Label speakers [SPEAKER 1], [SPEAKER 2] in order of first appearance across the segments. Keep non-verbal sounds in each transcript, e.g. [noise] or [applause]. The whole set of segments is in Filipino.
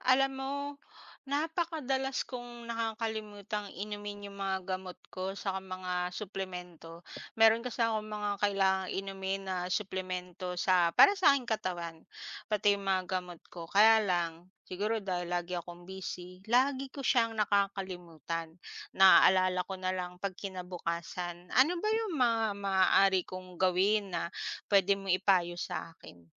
[SPEAKER 1] Alam mo, napakadalas kong nakakalimutang inumin 'yong mga gamot ko atsaka mga suplemento. Meron kasi akong mga kailangang inumin na suplemento sa para sa aking katawan pati mga gamot ko. Kaya lang siguro dahil lagi akong busy, lagi ko siyang nakakalimutan. Naalala ko na lang kapag kinabukasan. Ano ba 'yong mga maaari kong gawin na puwede mong ipayo sa akin?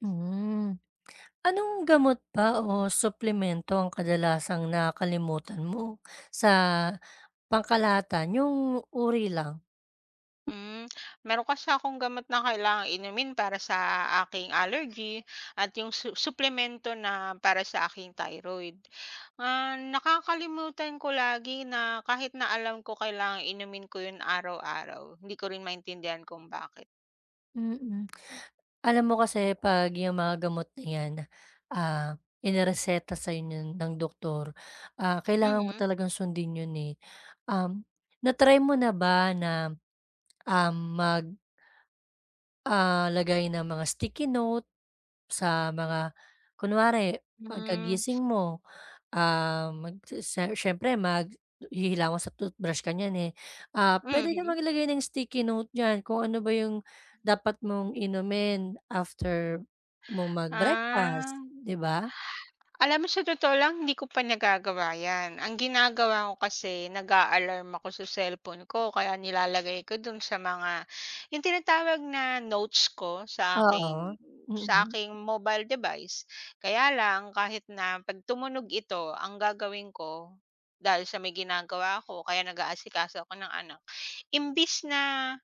[SPEAKER 2] Mm. [smacks lips] Anong gamot ba o suplemento ang kadalasang nakalimutan mo sa pangkalahatan? 'Yung uri lang.
[SPEAKER 1] Hmm, meron kasi akong gamot na kailangang inumin para sa aking allergy at 'yong su suplemento na para sa aking thyroid. Ah, nakakalimutan ko lagi na kahit na alam ko kailangang inumin ko 'yon araw-araw, hindi ko rin maintindihan kung bakit.
[SPEAKER 2] Mhm. Alam mo kasi 'pag 'yong mga gamot na 'yan, ah, inereseta sa'yo ng doktor, ah, kailangan mo
[SPEAKER 1] Mm.
[SPEAKER 2] talagang sundin 'yon, eh. Um, na-try mo na ba na, um, mag, [smacks lips] ah, lagay ng mga sticky note sa mga kunwari,
[SPEAKER 1] Hmm.
[SPEAKER 2] pagkagising mo, um, si siyempre maghihilamos at tothbrush ka niyan, eh. Ah, puwede kang
[SPEAKER 1] Mhm.
[SPEAKER 2] maglagay ng sticky note niyan kung ano ba 'yong dapat mong inumin after mong
[SPEAKER 1] Ah.
[SPEAKER 2] mag-breakfast,
[SPEAKER 1] [exhales]
[SPEAKER 2] 'di ba?
[SPEAKER 1] Alam mo sa totoo lang hindi ko pa nagagawa 'yan. Ang ginagawa ko kasi nag-a-alaarm ako sa cellphone ko o kaya nilalagay ko do'n sa mga 'yong tinatawag na notes ko sa
[SPEAKER 2] Oo.
[SPEAKER 1] aking sa
[SPEAKER 2] Mm.
[SPEAKER 1] aking mobile device. Kaya lang kahit na 'pag tumunog ito, ang gagawin ko, dahil sa may ginagawa ako o kaya nag-aasikaso ako ng anak, imbis na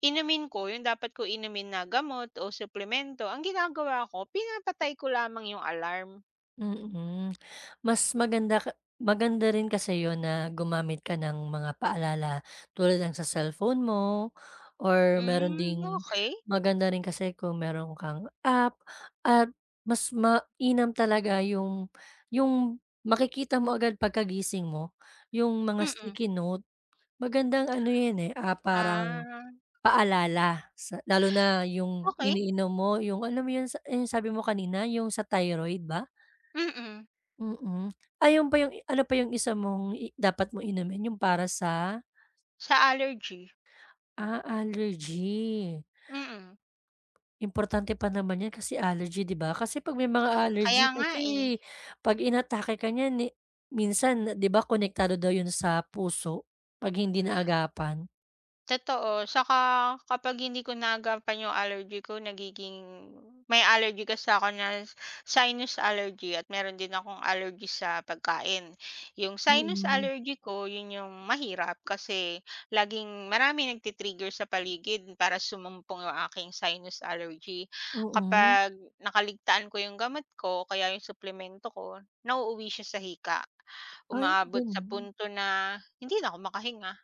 [SPEAKER 1] inumin ko 'yong dapat ko inumin na gamot o suplemento, ang ginagawa ko pinapatay ko lamang 'yong alarm.
[SPEAKER 2] Hmm. [smacks lips] Mas maganda maganda rin kasi 'yon na gumamit ka ng mga paalala tulad ng sa cellphone mo or meron
[SPEAKER 1] Hmm,
[SPEAKER 2] ding
[SPEAKER 1] okay.
[SPEAKER 2] maganda rin kasi kung meron kang app, at mas mainam talaga 'yong 'yong makikita mo agad pagkagising mo 'yong mga
[SPEAKER 1] Mm.
[SPEAKER 2] sticky note. Magandang ano 'yan eh, ah, parang
[SPEAKER 1] Ah.
[SPEAKER 2] paalala sa lalo na 'yong
[SPEAKER 1] Okay.
[SPEAKER 2] iniinom mo 'yong alam mo sabi mo kanina 'yong sa thyroid ba?
[SPEAKER 1] Mm.
[SPEAKER 2] Hmm hmm ay 'yong pa 'yong ano pa 'yong 1 mo'ng dapat mo inumin 'yong para sa
[SPEAKER 1] Sa allergy.
[SPEAKER 2] ah allergy.
[SPEAKER 1] Mm.
[SPEAKER 2] Importante pa naman 'yan kasi allergy 'di ba, kasi pag may mga
[SPEAKER 1] Kaya
[SPEAKER 2] allergy
[SPEAKER 1] nga
[SPEAKER 2] kasi
[SPEAKER 1] eh.
[SPEAKER 2] pag inatake ka nyan ni minsan 'di ba konektado daw 'yon sa puso pag hindi naagapan.
[SPEAKER 1] Totoo atsaka kapag hindi ko naagampan 'yong allergy ko nagiging may allergy kasi ko na sinus allergy, at meron din akong allergy sa pagkain. 'Yong sinus
[SPEAKER 2] Mm.
[SPEAKER 1] allergy ko 'yon 'yong mahirap kasi laging maraming nagti-trigger sa paligid para sumumpong 'yong aking sinus allergy.
[SPEAKER 2] Oo.
[SPEAKER 1] Kapag nakaligtaan ko 'yong gamot ko kaya 'yong suplemento ko nauuwi siya sa hika.
[SPEAKER 2] Ay
[SPEAKER 1] Umaabot sa
[SPEAKER 2] gano'n?
[SPEAKER 1] punto na hindi na ako makahinga.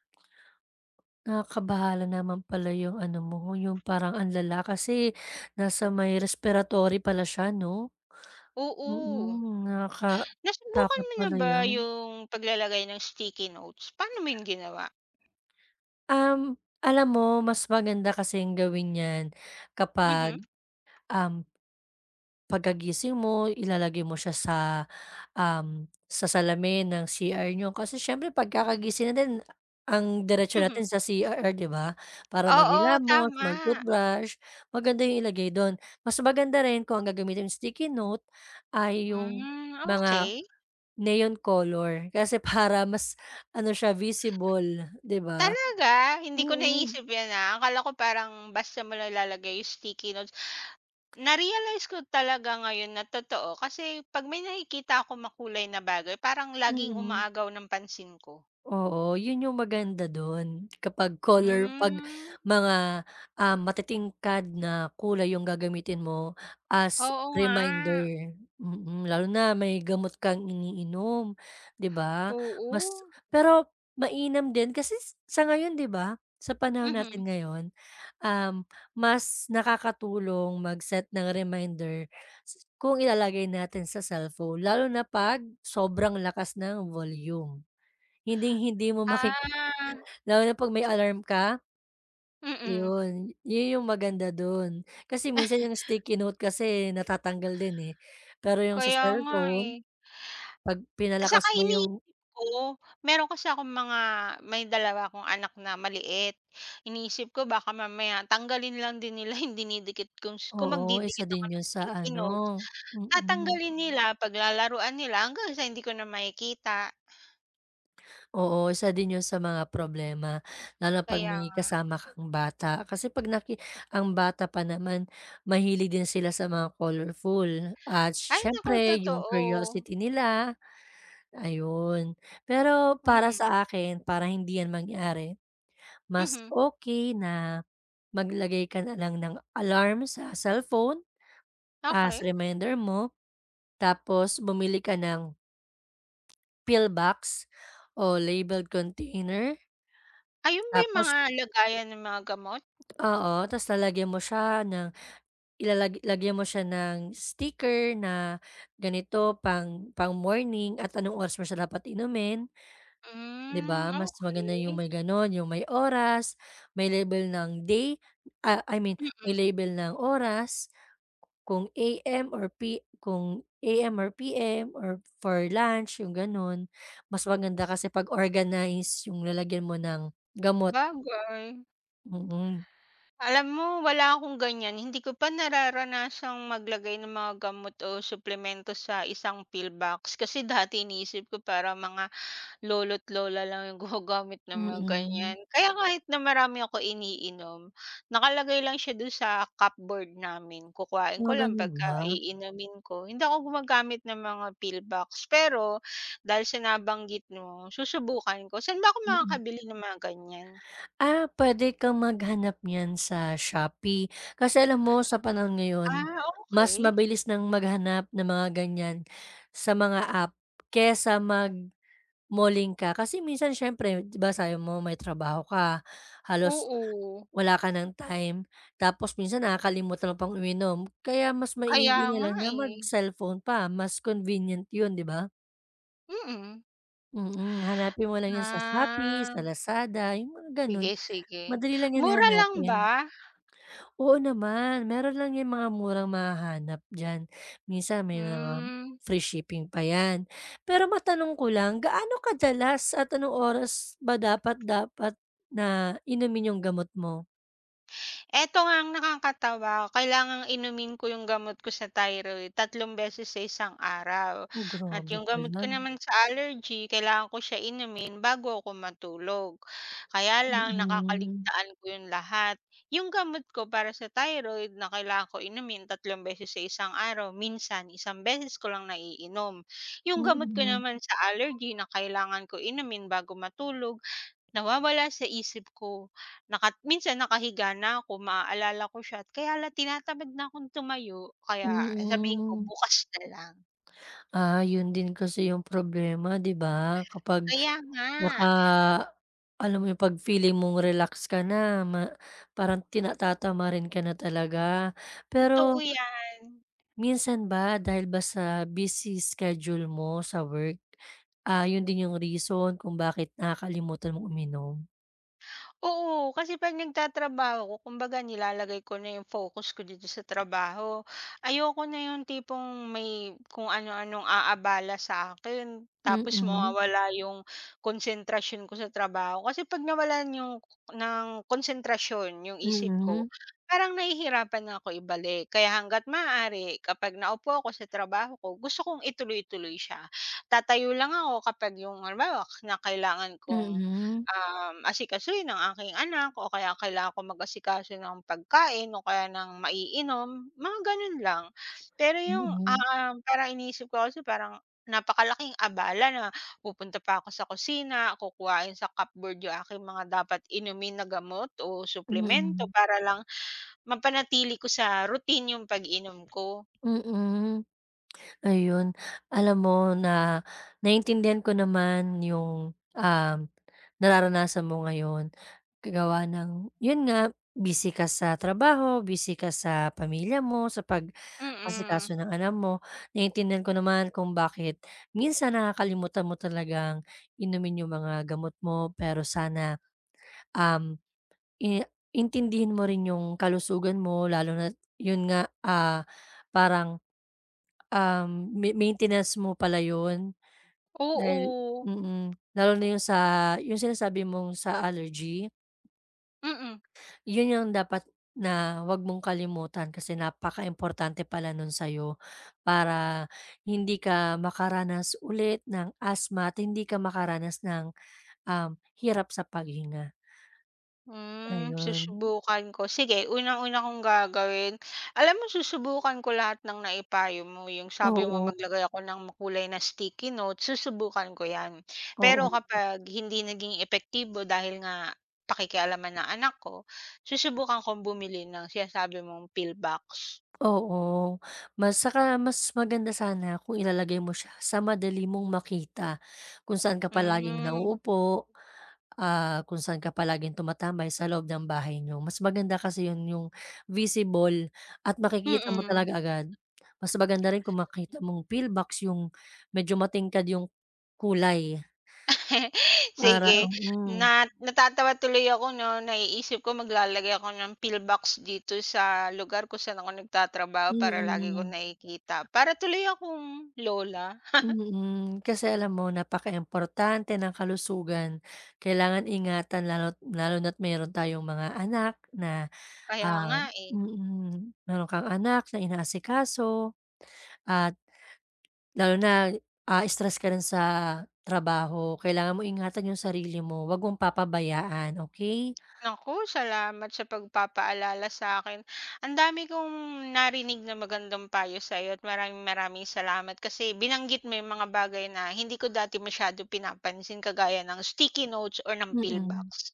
[SPEAKER 2] Nakakabahala naman pala 'yong ano mo 'yong parang ang lala kasi nasa may respiratory pala siya 'no.
[SPEAKER 1] Oo.
[SPEAKER 2] Hmm,
[SPEAKER 1] Nasubukan
[SPEAKER 2] nakakatakot
[SPEAKER 1] mo na
[SPEAKER 2] pala
[SPEAKER 1] ba
[SPEAKER 2] 'yan.
[SPEAKER 1] 'yong paglalagay ng sticky notes? Pa'no mo 'yon ginawa?
[SPEAKER 2] Um, alam mo mas maganda kasing gawin 'yan
[SPEAKER 1] Mhm.
[SPEAKER 2] kapag um, pagkagising mo ilalagay mo siya sa ...um sa salamin ng CR nyo kasi siyempre pagkakagising natin ang diretso
[SPEAKER 1] Mhm.
[SPEAKER 2] natin sa CR 'di ba para
[SPEAKER 1] Oo,
[SPEAKER 2] magingilamos,
[SPEAKER 1] tama.
[SPEAKER 2] mag-toothbrush maganda 'yong ilagay do'n. Mas maganda rin kung ang gagamitin sticky note ay 'yong
[SPEAKER 1] Hmm,
[SPEAKER 2] mga
[SPEAKER 1] okay.
[SPEAKER 2] neon color kasi para mas ano siya visible 'di ba.
[SPEAKER 1] Talaga hindi ko
[SPEAKER 2] Mm.
[SPEAKER 1] naiisip 'yan na akala ko parang basta mo nilalagay 'yong sticky notes. Na-realize ko talaga ngayon na totoo kasi pag may nakikita akong makulay na bagay parang laging
[SPEAKER 2] Mm.
[SPEAKER 1] umaagaw ng pansin ko.
[SPEAKER 2] Oo, 'yon 'yong maganda do'n kapag color pag
[SPEAKER 1] Hmm.
[SPEAKER 2] mga ah, matitingkad na kulay 'yong gagamitin mo as
[SPEAKER 1] Oo nga.
[SPEAKER 2] reminder, mm, lalo na may gamot kang iniinom 'di ba
[SPEAKER 1] Oo.
[SPEAKER 2] mas pero mainam din kasi sa ngayon 'di ba sa panahon natin
[SPEAKER 1] Mhm.
[SPEAKER 2] ngayon, um, mas nakakatulong mag-set ng reminder kung ilalagay natin sa cellphone lalo na pag sobrang lakas ng volume. Hinding hindi mo maki
[SPEAKER 1] Ah.
[SPEAKER 2] lalo na pag may alarm ka.
[SPEAKER 1] Mm.
[SPEAKER 2] 'Yun 'yon 'yong maganda do'n kasi minsan 'yong
[SPEAKER 1] [chuckles]
[SPEAKER 2] sticky note kasi natatanggal din eh, pero 'yong sa
[SPEAKER 1] Kaya nga eh.
[SPEAKER 2] cellphone pag
[SPEAKER 1] Atsaka
[SPEAKER 2] pinalakas mo
[SPEAKER 1] inii
[SPEAKER 2] 'yong
[SPEAKER 1] ko meron kasi akong mga may 2 akong anak na maliit, iniisip ko baka mamaya tanggalin lang din nila dinidikit kong kung
[SPEAKER 2] Oo, isa
[SPEAKER 1] magdidikit ako
[SPEAKER 2] din
[SPEAKER 1] ng
[SPEAKER 2] 'yon sa
[SPEAKER 1] sticky
[SPEAKER 2] ano
[SPEAKER 1] notes,
[SPEAKER 2] mm.
[SPEAKER 1] tanggalin nila paglalaruan nila hanggang sa hindi ko na makikita.
[SPEAKER 2] Oo, isa din 'yun sa mga problema, lalo na 'pag
[SPEAKER 1] Kaya
[SPEAKER 2] may
[SPEAKER 1] nga.
[SPEAKER 2] kasama kang bata kasi 'pag naki ang bata pa naman mahilig din sila sa mga colorful, at
[SPEAKER 1] Ay naku,
[SPEAKER 2] siyempre yung
[SPEAKER 1] totoo.
[SPEAKER 2] curiosity nila, ayun. Pero, para
[SPEAKER 1] Mm.
[SPEAKER 2] sa akin, para hindi yan mangyari, mas
[SPEAKER 1] Mhm.
[SPEAKER 2] okey na maglagay ka na lang ng alarm, sa cellphone, as
[SPEAKER 1] Okey.
[SPEAKER 2] reminder mo, tapos bumili ka ng pill box o labeled container.
[SPEAKER 1] Ayun ba yung
[SPEAKER 2] Tapos
[SPEAKER 1] mga lagayan ng mga gamot?
[SPEAKER 2] Oo, ta's lalagyan mo siya ng ilalag lagyan mo siya ng sticker na ganito pang pang morning at anong oras mo siya dapat inumin. 'Di
[SPEAKER 1] Hmm,
[SPEAKER 2] ba, mas maganda yung
[SPEAKER 1] okey.
[SPEAKER 2] may gano'n, yung may oras, may label ng day ah, I mean
[SPEAKER 1] Mm.
[SPEAKER 2] may label ng oras kung AM or P kung AM or PM or for lunch, yung gano'n. Mas maganda kasi pag-organize yung lalagyan mo ng gamot.
[SPEAKER 1] 'Bagay
[SPEAKER 2] Mm.
[SPEAKER 1] Alam mo wala akong ganyan, hindi ko pa nararanasang maglagay ng mga gamot o suplemento sa isang pill box. Kasi dati iniisip ko parang mga, lolo't lola lang yung gumagamit ng mga
[SPEAKER 2] Mm.
[SPEAKER 1] ganyan. Kaya kahit na marami akong iniinom, nakalagay lang siya do'n sa cupboard namin. Kukuhain
[SPEAKER 2] Ah,
[SPEAKER 1] ko lang pag
[SPEAKER 2] gano'n
[SPEAKER 1] ka
[SPEAKER 2] ba?
[SPEAKER 1] iinumin ko, hindi ako gumagamit ng mga pill box. Pero, dahil sa nabanggit mo, susubukan ko. Saan ba ako
[SPEAKER 2] Mm.
[SPEAKER 1] makakabili ng mga ganyan?
[SPEAKER 2] Ah, puwede kang maghanap niyan sa Shopee. Kasi alam mo sa panahon ngayon,
[SPEAKER 1] Ah,
[SPEAKER 2] mas
[SPEAKER 1] okey.
[SPEAKER 2] mabilis ng maghanap ng mga ganyan sa mga app, kaysa mag-malling ka. Kasi minsan siyempre 'di ba sabi mo may trabaho ka, halos
[SPEAKER 1] Oo.
[SPEAKER 2] wala ka ng time tapos minsan nakakalimutan mo pang uminom. Kaya mas
[SPEAKER 1] Kaya
[SPEAKER 2] maigi
[SPEAKER 1] nga,
[SPEAKER 2] nalang na
[SPEAKER 1] eh.
[SPEAKER 2] mag-cellphone pa mas convenient 'yun, 'di ba?
[SPEAKER 1] Mm.
[SPEAKER 2] Mm, hanapin mo lang 'yun sa Shopee,
[SPEAKER 1] Ah.
[SPEAKER 2] sa Lazada, 'yung mga ganun,
[SPEAKER 1] Sige, sige,
[SPEAKER 2] madali lang 'yan
[SPEAKER 1] mura lang
[SPEAKER 2] hanapin.
[SPEAKER 1] ba?
[SPEAKER 2] Oo, naman meron lang 'yang mga murang mahahanap dyan, minsan may mga
[SPEAKER 1] Hmm.
[SPEAKER 2] free shipping pa 'yan, pero matanong ko lang gaano kadalas at anong oras ba dapat dapat na inumin 'yung gamot mo?
[SPEAKER 1] Eto nga ang nakakatawa, kailangang inumin ko yung gamot ko sa thyroid 3 beses sa 1 araw,
[SPEAKER 2] Oh,
[SPEAKER 1] at
[SPEAKER 2] grabe
[SPEAKER 1] yung gamot
[SPEAKER 2] pala
[SPEAKER 1] ko
[SPEAKER 2] 'no?
[SPEAKER 1] naman sa allergy, kailangan ko siya inumin bago ko matulog, kaya lang
[SPEAKER 2] Mm.
[SPEAKER 1] nakakaligtaan ko 'yun lahat, 'yun gamot ko para sa thyroid na kailangan ko inumin 3 beses sa 1 araw, minsan 1 beses ko lang naiinom, 'yung gamot ko
[SPEAKER 2] Mm.
[SPEAKER 1] naman sa allergy na kailangan ko inumin bago matulog, nawawala sa isip ko. Naka minsan nakahiga na ko, maaalala ko siya, kaya lang tinatamad na kong tumayo, kaya sabihin ko,
[SPEAKER 2] Mm.
[SPEAKER 1] ''Bukas na lang.''
[SPEAKER 2] Ah, 'yun din kasi 'yung problema 'di ba? Kapag,
[SPEAKER 1] Kaya nga.
[SPEAKER 2] naka, alam mo 'yung 'pag feeling mong relax ka na ma parang tinata tatatamarin ka na talaga pero
[SPEAKER 1] Totoo yan.
[SPEAKER 2] minsan ba dahil ba sa busy schedule mo sa work, ah, 'yun din 'yung reason kung bakit nakakalimutan mong uminom?
[SPEAKER 1] Oo, kasi 'pag nagtatrabaho ko kumbaga nilalagay ko na yung focus ko dito sa trabaho, ayoko na yung tipong may kung ano anong aabala sa akin, tapos
[SPEAKER 2] Mhm.
[SPEAKER 1] mawawala yung konsentrasyon ko sa trabaho kasi pag nawalan yung ng konsentrasyon yung isip ko,
[SPEAKER 2] Mhm.
[SPEAKER 1] parang nahihirapan na ko ibalik kaya hangga't maaari kapag naupo ako sa trabaho ko gusto kong ituloy-tuloy siya tatayo lang ako kapag yung halimbawa na kailangan kong
[SPEAKER 2] Mhm.
[SPEAKER 1] ah asikasuhin ang aking anak o kaya kailangan kong mag-asikaso ng pagkain o kaya ng maiinom, mga ganun lang, pero yung
[SPEAKER 2] Hmm.
[SPEAKER 1] ah parang iniisip ko kasi, parang napakalaking abala na pupunta pa ako sa kusina kukuhain sa cupboard yung aking mga dapat inumin na gamot, o suplemento
[SPEAKER 2] Mhm.
[SPEAKER 1] para lang mapanatili ko sa routine yung pag-inom ko.
[SPEAKER 2] Mhm. Ayon, Alam mo na naiintindihan ko naman yung nararanasan mo ngayon gawa ng yun nga busy ka sa trabaho busy ka sa pamilya mo sa
[SPEAKER 1] Mm.
[SPEAKER 2] pag-asikaso ng ano mo naiintindihan ko naman kung bakit minsan nakakalimutan mo talagang inumin yung mga gamot mo pero sana um i intindihin mo rin yung kalusugan mo lalo na't yun nga ah, parang, um ma maintenance mo pala yun, na,
[SPEAKER 1] Oo.
[SPEAKER 2] mhm. Lalo na yung sa yung sinasabi mong sa allergy.
[SPEAKER 1] Mm.
[SPEAKER 2] Yun ang dapat na huwag mong kalimutan, kasi napaka importante pala non sa'yo para hindi ka makaranas ulit ng asthma at hindi ka makaranas ng um hirap sa paghinga.
[SPEAKER 1] Hmm,
[SPEAKER 2] Ayun.
[SPEAKER 1] susubukan ko, sige unang-una kong gagawin alam mo susubukan ko lahat ng naipayo mo 'yong sabi mong
[SPEAKER 2] Oo.
[SPEAKER 1] maglagay ako ng makulay na sticky note susubukan ko yan. Pero
[SPEAKER 2] Oo.
[SPEAKER 1] kapag hindi naging epektibo dahil nga pakikialaman ng anak ko susubukan kong bumili ng sinasabi mong pill box.
[SPEAKER 2] Oo, mas saka, mas maganda sana kung ilalagay mo siya sa madali mong makita, kung saan ka palaging
[SPEAKER 1] Mm.
[SPEAKER 2] nauupo, ah kung saan ka palaging tumatambay sa loob ng bahay niyo, mas maganda kasi yun yung visible at makikita mo
[SPEAKER 1] Mhm.
[SPEAKER 2] talaga agad mas maganda rin kung makita mong pill box yung medyo matingkad yung kulay.
[SPEAKER 1] [laughs]
[SPEAKER 2] Para,
[SPEAKER 1] Sige
[SPEAKER 2] mhm.
[SPEAKER 1] na natatawa tuloy ako no, naiisip ko maglalagay ako ng pill box dito sa lugar kung saan ako nagtatrabaho, para lagi kong
[SPEAKER 2] Mhm.
[SPEAKER 1] nakikita para tuloy akong lola. [chuckles]
[SPEAKER 2] Mhm. kasi alam mo napakaimportante ng kalusugan kailangan ingatan lalot lalo na't meron tayong mga anak na
[SPEAKER 1] Kaya
[SPEAKER 2] ah
[SPEAKER 1] nga eh.
[SPEAKER 2] mhm, meron kang anak na inaasikaso at, lalo na ah, stress ka rin sa trabaho kailangan mo ingatan yung sarili mo wag mong papabayaan. Okey?
[SPEAKER 1] Nako! Salamat sa pagpapaalala sakin, ang dami kong narinig ng magandang payo sayo, at maraming maraming salamat kasi binanggit mo yung mga bagay na hindi ko dati masyadong pinapansin kagaya ng sticky notes, or ng pill
[SPEAKER 2] Mhm.
[SPEAKER 1] box.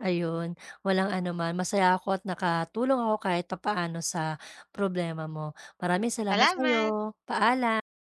[SPEAKER 2] Ayun walang ano man masaya ako at nakatulong ako kahit papaano sa problema mo maraming salamat sayo.
[SPEAKER 1] Salamat.
[SPEAKER 2] Paalam!